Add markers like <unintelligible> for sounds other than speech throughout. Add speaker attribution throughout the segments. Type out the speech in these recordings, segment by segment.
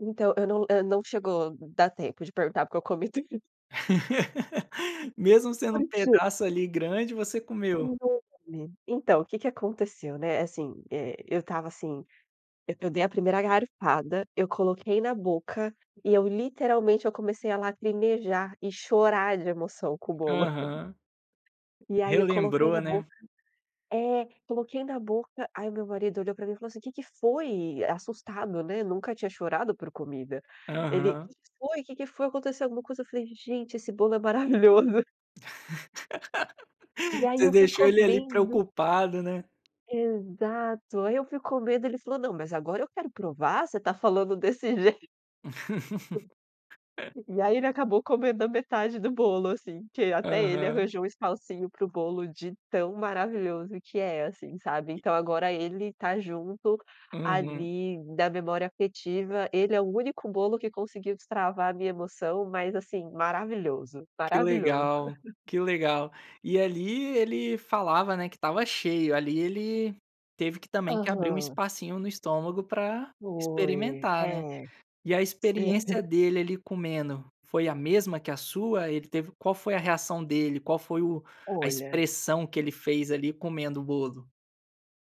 Speaker 1: Então, eu não eu não chegou dar tempo de perguntar porque eu comi tudinho.
Speaker 2: <laughs> Mesmo sendo um
Speaker 1: Porque
Speaker 2: pedaço ali grande, você comeu.
Speaker 1: Pois é, menina. Então, o que que aconteceu, né, assim, eh, eu estava assim, eu dei a primeira garfada, eu coloquei na boca e eu literalmente eu comecei a lacrimejar e chorar de emoção com o bolo. <chuckles>
Speaker 2: Aham.
Speaker 1: E aí eu coloquei
Speaker 2: Relembrou,
Speaker 1: na
Speaker 2: né.
Speaker 1: boca. É, coloquei na boca, aí o meu marido olhou para mim e falou assim: "Que que foi?" Assustado, né, nunca tinha chorado por comida. Ele: "Que
Speaker 2: Aham.
Speaker 1: que foi? Que que foi? Aconteceu alguma coisa?" Falei: "Gente, esse bolo é maravilhoso". E
Speaker 2: <laughs>
Speaker 1: aí
Speaker 2: Você
Speaker 1: eu fui
Speaker 2: deixou ele ali
Speaker 1: comendo.
Speaker 2: preocupado, né.
Speaker 1: Exato. Aí eu fui comendo, ele falou: "Não, mas agora eu quero provar, você está falando desse jeito". E
Speaker 2: <laughs>
Speaker 1: aí ele acabou comendo a metade do bolo assim, que até ele
Speaker 2: Aham.
Speaker 1: arranjou um espacinho para o bolo, de tão maravilhoso que é, assim, sabe?
Speaker 2: E.
Speaker 1: Então agora ele está junto,
Speaker 2: Uhum.
Speaker 1: ali da memória afetiva, ele é o único bolo que conseguiu destravar a minha emoção. Mas assim, maravilhoso,
Speaker 2: Que
Speaker 1: maravilhoso.
Speaker 2: legal,
Speaker 1: <laughs>
Speaker 2: que legal. E ali ele falava, né, que estava cheio, ali ele teve que também que abrir um
Speaker 1: Aham.
Speaker 2: espacinho no estômago para
Speaker 1: Foi.
Speaker 2: experimentar, né.
Speaker 1: É.
Speaker 2: E a
Speaker 1: Sério.
Speaker 2: experiência dele ali comendo foi a mesma que a sua? Ele teve, qual foi a reação dele? Qual foi o a
Speaker 1: Olha.
Speaker 2: expressão que ele fez ali comendo o bolo?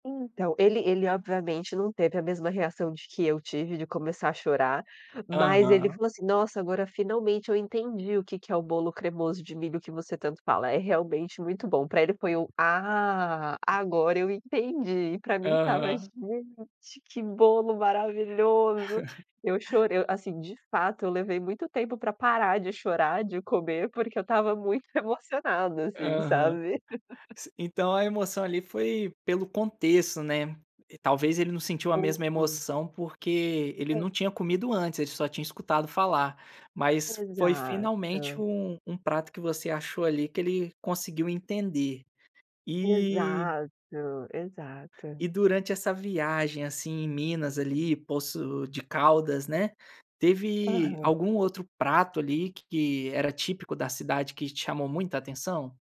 Speaker 1: Então, ele ele obviamente não teve a mesma reação de que eu tive de começar a chorar. Mas ele
Speaker 2: Aham.
Speaker 1: falou assim: "Nossa, agora finalmente eu entendi o que que é o bolo cremoso de milho que você tanto fala, é realmente muito bom". Para ele foi um: "Ah, agora eu entendi". E para mim estava:
Speaker 2: Aham.
Speaker 1: "Gente, que bolo maravilhoso!". Eu
Speaker 2: <laughs>
Speaker 1: chorei o assim, de fato eu levei muito tempo para parar de chorar, de comer porque eu estava muito emocionada assim,
Speaker 2: Aham.
Speaker 1: sabe? <laughs>
Speaker 2: S então a emoção ali foi pelo contexto, né. Talvez ele não sentiu a
Speaker 1: <unintelligible>
Speaker 2: mesma
Speaker 1: Foi.
Speaker 2: emoção porque ele
Speaker 1: É.
Speaker 2: não tinha comido antes, ele só tinha escutado falar. Mas foi finalmente
Speaker 1: Exato.
Speaker 2: um um prato que você achou ali que ele conseguiu entender. E
Speaker 1: Exato, exato.
Speaker 2: E durante essa viagem assim, em Minas ali, Poços de Caldas, né, teve
Speaker 1: Aham.
Speaker 2: algum outro prato ali que era típico da cidade que te chamou muita atenção?